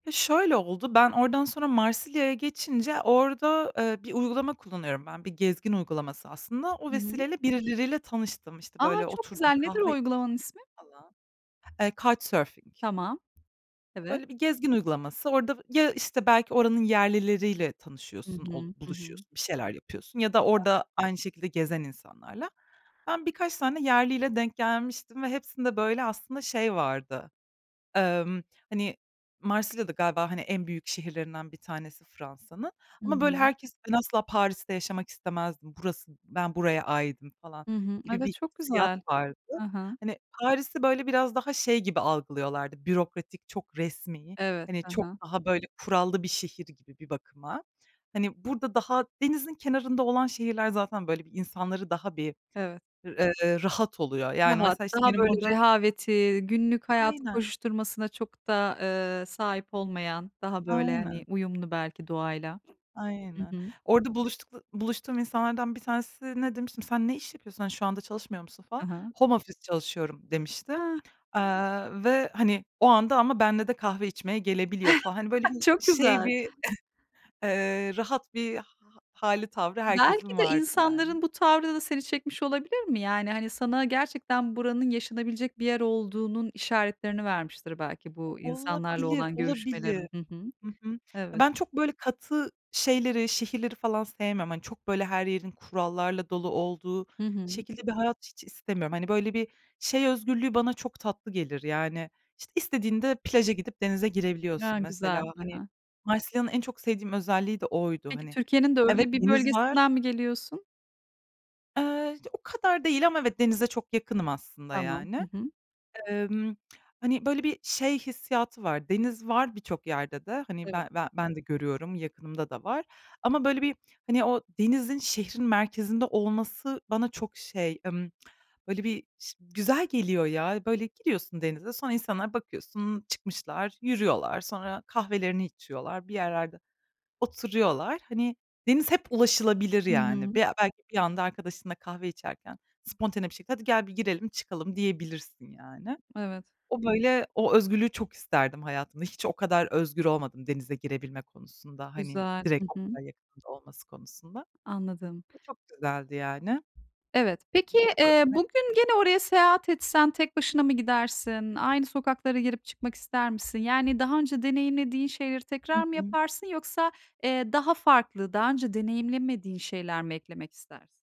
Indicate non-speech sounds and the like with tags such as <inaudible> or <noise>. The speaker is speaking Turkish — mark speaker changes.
Speaker 1: Iıı, şöyle oldu, ben oradan sonra Marsilya'ya geçince orada, eee, bir uygulama kullanıyorum ben, bir gezgin uygulaması aslında. O
Speaker 2: Hı hı.
Speaker 1: vesileyle birileriyle tanıştım. İşte,
Speaker 2: A!
Speaker 1: böyle
Speaker 2: Çok
Speaker 1: oturdum,
Speaker 2: güzel, nedir o
Speaker 1: kahve içtim
Speaker 2: uygulamanın ismi?
Speaker 1: falan. Eee, Couchsurfing.
Speaker 2: Tamam. Evet.
Speaker 1: Böyle bir gezgin uygulaması. Orada, ya, işte, belki oranın yerlileriyle
Speaker 2: Hı
Speaker 1: tanışıyorsun, o
Speaker 2: hı. Hı hı.
Speaker 1: buluşuyorsun, bir şeyler yapıyorsun ya da
Speaker 2: Güzel.
Speaker 1: orada aynı şekilde gezen insanlarla. Ben birkaç tane yerliyle denk gelmiştim ve hepsinde böyle aslında şey vardı, emm, hani, Marsilya da galiba, hani, en büyük şehirlerinden bir tanesi Fransa'nın.
Speaker 2: Hı
Speaker 1: Ama böyle
Speaker 2: hı.
Speaker 1: herkes, ben asla Paris'te yaşamak istemezdim, burası, ben buraya aitim falan
Speaker 2: Hı hı.
Speaker 1: gibi
Speaker 2: Evet,
Speaker 1: bir
Speaker 2: çok
Speaker 1: hissiyat
Speaker 2: güzel.
Speaker 1: vardı.
Speaker 2: Ha ha.
Speaker 1: Hani, Paris'i böyle biraz daha şey gibi algılıyorlardı, bürokratik, çok resmî,
Speaker 2: Evet.
Speaker 1: hani,
Speaker 2: Ha
Speaker 1: çok
Speaker 2: ha.
Speaker 1: daha böyle kurallı bir şehir gibi bir bakıma. Hani, burada daha denizin kenarında olan şehirler zaten böyle bir insanları daha bir
Speaker 2: Evet.
Speaker 1: r eee, rahat oluyor. Yani,
Speaker 2: Rahat.
Speaker 1: mesela, işte,
Speaker 2: Daha
Speaker 1: benim
Speaker 2: böyle
Speaker 1: orada
Speaker 2: rehaveti, günlük hayatın
Speaker 1: Aynen.
Speaker 2: koşuşturmasına çok da, eee, sahip olmayan, daha böyle, hani,
Speaker 1: Aynen.
Speaker 2: uyumlu belki doğayla. Hı
Speaker 1: Aynen.
Speaker 2: hı.
Speaker 1: Orada buluştukla buluştuğum insanlardan bir tanesine demiştim, sen ne iş yapıyorsun? Hani, şu anda çalışmıyor musun falan.
Speaker 2: Ha ha.
Speaker 1: Home office çalışıyorum demişti,
Speaker 2: A!
Speaker 1: aaa, ve, hani, o anda ama benle de kahve içmeye gelebiliyor falan. Hani, böyle bir
Speaker 2: <chuckles> Çok
Speaker 1: şey
Speaker 2: güzel.
Speaker 1: bir <chuckles> eee, rahat bir ha ha hâli tavrı
Speaker 2: Belki
Speaker 1: herkesin
Speaker 2: de
Speaker 1: vardı, yani.
Speaker 2: insanların bu tavrı da seni çekmiş olabilir mi? Yani, hani, sana gerçekten buranın yaşanabilecek bir yer olduğunun işaretlerini vermiştir belki bu insanlarla
Speaker 1: Olabilir,
Speaker 2: olan
Speaker 1: olabilir.
Speaker 2: görüşmelerin. Hı hı.
Speaker 1: Hı hı. Ya,
Speaker 2: Evet.
Speaker 1: ben çok böyle katı şeyleri, şehirleri falan sevmiyorum. Hani, çok böyle her yerin kurallarla dolu olduğu
Speaker 2: Hı hı.
Speaker 1: şekilde bir hayat hiç istemiyorum. Hani, böyle bir şey özgürlüğü bana çok tatlı gelir, yani. İşte, istediğinde plaja gidip denize
Speaker 2: Ya,
Speaker 1: girebiliyorsun mesela,
Speaker 2: güzel. Ha
Speaker 1: hani.
Speaker 2: ha.
Speaker 1: Marsilya'nın en çok sevdiğim özelliği de oydu.
Speaker 2: Peki,
Speaker 1: Hani,
Speaker 2: Türkiye'nin de
Speaker 1: evet,
Speaker 2: öyle bir
Speaker 1: deniz var
Speaker 2: bölgesinden mi geliyorsun?
Speaker 1: Eee, o kadar değil ama evet, denize çok yakınım aslında
Speaker 2: Tamam. Hı
Speaker 1: yani.
Speaker 2: hı.
Speaker 1: Emm, hani, böyle bir şey hissiyatı var. Deniz var birçok yerde de. Hani,
Speaker 2: Evet.
Speaker 1: be ben ben de görüyorum, yakınımda da var. Ama böyle bir, hani, o denizin şehrin merkezinde olması bana çok şey, ımm, böyle bir ş güzel geliyor ya. Böyle giriyorsun denize, sonra insanlar bakıyorsun, çıkmışlar, yürüyorlar. Sonra kahvelerini içiyorlar, bir yerlerde oturuyorlar. Hani, deniz hep ulaşılabilir,
Speaker 2: Hı
Speaker 1: yani.
Speaker 2: hı.
Speaker 1: Be belki bir anda arkadaşınla kahve içerken spontane bir şekilde, "Hadi gel, bir girelim çıkalım." diyebilirsin, yani.
Speaker 2: Evet.
Speaker 1: O, böyle o özgürlüğü çok isterdim hayatımda. Hiç o kadar özgür olmadım denize girebilme konusunda, hani,
Speaker 2: Güzel.
Speaker 1: direkt
Speaker 2: Hı
Speaker 1: o
Speaker 2: hı.
Speaker 1: kadar yakınımda olması konusunda.
Speaker 2: Anladım.
Speaker 1: O çok güzeldi, yani
Speaker 2: Evet. Peki, eee, bugün
Speaker 1: <unintelligible>
Speaker 2: gene oraya seyahat etsen tek başına mı gidersin? Aynı sokaklara girip çıkmak ister misin? Yani, daha önce deneyimlediğin şeyleri
Speaker 1: Hı
Speaker 2: tekrar mı
Speaker 1: hı.
Speaker 2: yaparsın yoksa, eee, daha farklı, daha önce deneyimlenmediğin şeyler mi eklemek istersin?